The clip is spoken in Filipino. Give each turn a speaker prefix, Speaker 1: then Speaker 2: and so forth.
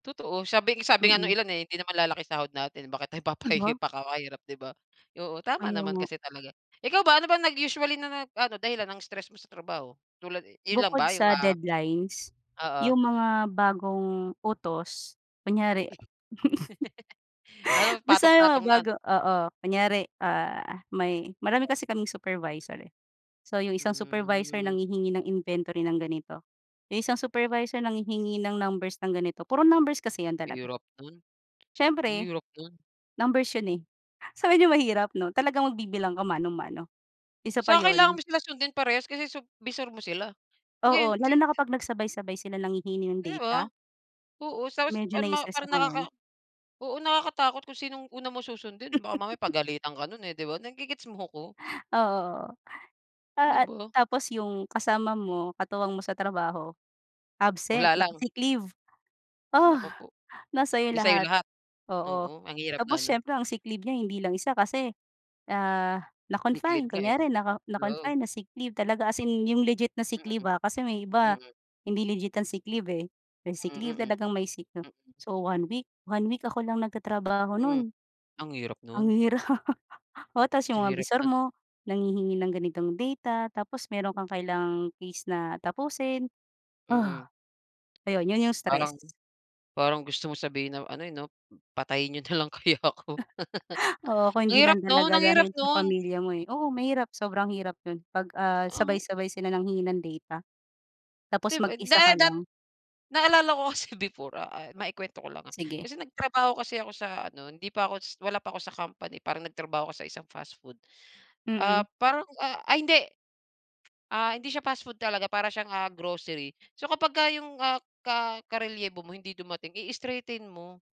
Speaker 1: Totoo sabi sabi nga nung
Speaker 2: Mm.
Speaker 1: ilan eh hindi naman lalaki sahod natin bakit tayo
Speaker 2: Di ba?
Speaker 1: papahihi pakakahirap 'di ba. Oo, tama
Speaker 2: Kaya
Speaker 1: naman
Speaker 2: nga.
Speaker 1: kasi talaga. Ikaw ba ano bang naging usually na nag ano dahilan ng stress mo sa trabaho tulad eh, yun lang
Speaker 2: Bukod
Speaker 1: ba yung
Speaker 2: sa
Speaker 1: ah?
Speaker 2: deadlines
Speaker 1: Oo.
Speaker 2: yung mga bagong utos kunyari.
Speaker 1: Ah
Speaker 2: Basta yung mga
Speaker 1: nagpatong-patong na?
Speaker 2: bago, oo. Kunyari, ah, may marami
Speaker 1: Ah.
Speaker 2: kasi kaming supervisor, eh, so yung isang supervisor
Speaker 1: Hmm.
Speaker 2: nanghihingi ng inventory ng ganito, yung isang supervisor nanghihingi ng numbers ng ganito, puro numbers kasi yan talaga.
Speaker 1: Hirap nun. Ang
Speaker 2: Siyempre
Speaker 1: hirap nun.
Speaker 2: numbers yun, eh, so medyo mahirap 'no talagang magbibilang ka mano-mano isa pa
Speaker 1: Saka kailangan
Speaker 2: yun.
Speaker 1: mo sila sundin parehas kasi sup bisor mo sila.
Speaker 2: Oo,
Speaker 1: Ngayon
Speaker 2: lalo na
Speaker 1: tintin
Speaker 2: kapag nagsabay-sabay sila nanghihingi ng
Speaker 1: Di ba,
Speaker 2: data.
Speaker 1: oo, tapos
Speaker 2: Medyo
Speaker 1: parang ma
Speaker 2: nai-stress
Speaker 1: parang
Speaker 2: ako nun.
Speaker 1: nakaka oo nakakatakot kung sinong una mo susundin baka mamaya pagalitan ka nun eh, 'di ba nage-gets mo ko?
Speaker 2: Oo, oo,
Speaker 1: Di
Speaker 2: ah, at
Speaker 1: ba?
Speaker 2: tapos yung kasama mo katuwang mo sa trabaho absent,
Speaker 1: Wala lang.
Speaker 2: naka-sick leave. Ugh,
Speaker 1: Naku po,
Speaker 2: nasa 'yo
Speaker 1: di sayo
Speaker 2: lahat,
Speaker 1: lahat.
Speaker 2: oo,
Speaker 1: Oo, ang hirap
Speaker 2: tapos
Speaker 1: nga nun.
Speaker 2: siyempre ang sick leave niya hindi lang isa kasi, ah,
Speaker 1: Sick
Speaker 2: na-confine,
Speaker 1: leave nga eh,
Speaker 2: kunyari naka
Speaker 1: oo.
Speaker 2: na-confine na sick leave talaga as in 'yong legit na sick
Speaker 1: Mm.
Speaker 2: leave, ah, kasi may iba
Speaker 1: Mm.
Speaker 2: hindi legit ang sick leave eh. May sick
Speaker 1: Mm,
Speaker 2: leave
Speaker 1: hmm.
Speaker 2: talagang may sick 'no
Speaker 1: Mm.
Speaker 2: so one week, one week ako lang nagtatrabaho
Speaker 1: Mm.
Speaker 2: no'n.
Speaker 1: Ang hirap
Speaker 2: Ang
Speaker 1: nun.
Speaker 2: hirap. O tas yung mga bisor
Speaker 1: Dinirekta.
Speaker 2: mo nanghihingi ng ganitong data tapos meron kang kailangang case na tapusin, ugh,
Speaker 1: Mm.
Speaker 2: ayun, yun yung stress.
Speaker 1: Parang parang gusto mong sabihin na ano eh, 'no, patayin niyo nalang kaya ako.
Speaker 2: Oo, kung
Speaker 1: Ang
Speaker 2: hindi
Speaker 1: hirap
Speaker 2: lang
Speaker 1: 'no.
Speaker 2: talaga
Speaker 1: Ang hirap
Speaker 2: dahil sa
Speaker 1: nun.
Speaker 2: pamilya mo, eh, oo mahirap sobrang hirap yun pag, ah,
Speaker 1: Ang hi
Speaker 2: sabay-sabay sila nanghingi ng data. Tapos
Speaker 1: 'Di ba da
Speaker 2: mag-isa ka
Speaker 1: re dat
Speaker 2: lang.
Speaker 1: Naalala ko kasi before, ah, eh, mai-ikwento ko lang ah
Speaker 2: Sige.
Speaker 1: kasi nagtrabaho kasi ako sa ano hindi pa ako s wala pa ako sa company parang nagtrabaho ako sa isang fast food, ah,
Speaker 2: Mm.
Speaker 1: parang, ah, ay hindi. Ah, hindi siya fast food talaga, para siyang, ah, grocery so kapagka yung ah ka karelyebo mo hindi dumating i-straighten mo.